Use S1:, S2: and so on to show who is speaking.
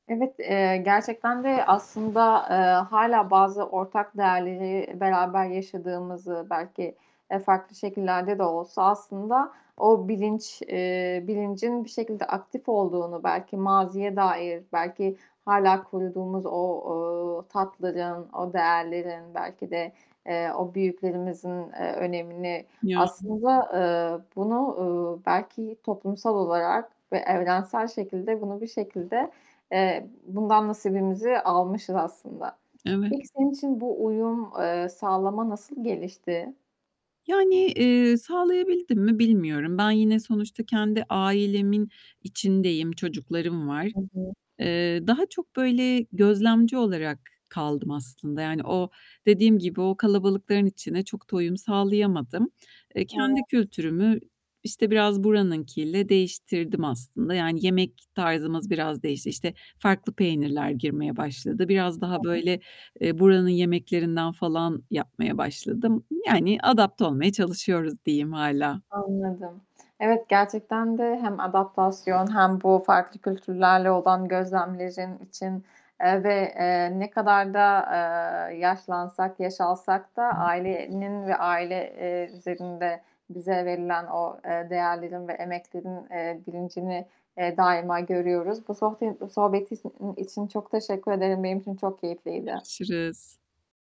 S1: Evet, eee, gerçekten de aslında, eee, hâlâ bazı ortak değerleri beraber yaşadığımızı, belki, eee, farklı şekillerde de olsa aslında o bilinç eee, bilincin bir şekilde aktif olduğunu belki maziye dair, belki hâlâ koruduğumuz o, eee, tatların, o değerlerin, belki de, eee, o büyüklerimizin, eee, önemini
S2: Yani.
S1: aslında, eee, bunu, ııı, belki toplumsal olarak ve evrensel şekilde bunu bir şekilde, eee, bundan nasibimizi almışız aslında.
S2: Evet.
S1: Peki senin için bu uyum, eee, sağlama nasıl gelişti?
S2: Yani, eee, sağlayabildim mi bilmiyorum. Ben yine sonuçta kendi ailemin içindeyim, çocuklarım var.
S1: Hı hı.
S2: Eee, daha çok, böyle, gözlemci olarak kaldım aslında. Yani o, dediğim gibi o kalabalıkların içine çok da uyum sağlayamadım. Eee,
S1: Evet.
S2: kendi kültürümü, işte, biraz buranınkiyle değiştirdim aslında. Yani yemek tarzımız biraz değişti. İşte, farklı peynirler girmeye başladı. Biraz daha
S1: [unintelligible]
S2: böyle, eee, buranın yemeklerinden falan yapmaya başladım. Yani adapte olmaya çalışıyoruz diyeyim hâlâ.
S1: Anladım. Evet, gerçekten de hem adaptasyon hem bu farklı kültürlerle olan gözlemlerin için, eee, ve, eee, ne kadar da, eee, yaşlansak, yaş alsak da
S2: Hı hı.
S1: ailenin ve aile, eee, üzerinde bize verilen o, eee, değerlerin ve emeklerin, eee, bilincini, eee, daima görüyoruz. Bu sohbe bu sohbet in için çok teşekkür ederim, benim için çok keyifliydi.
S2: Görüşürüz.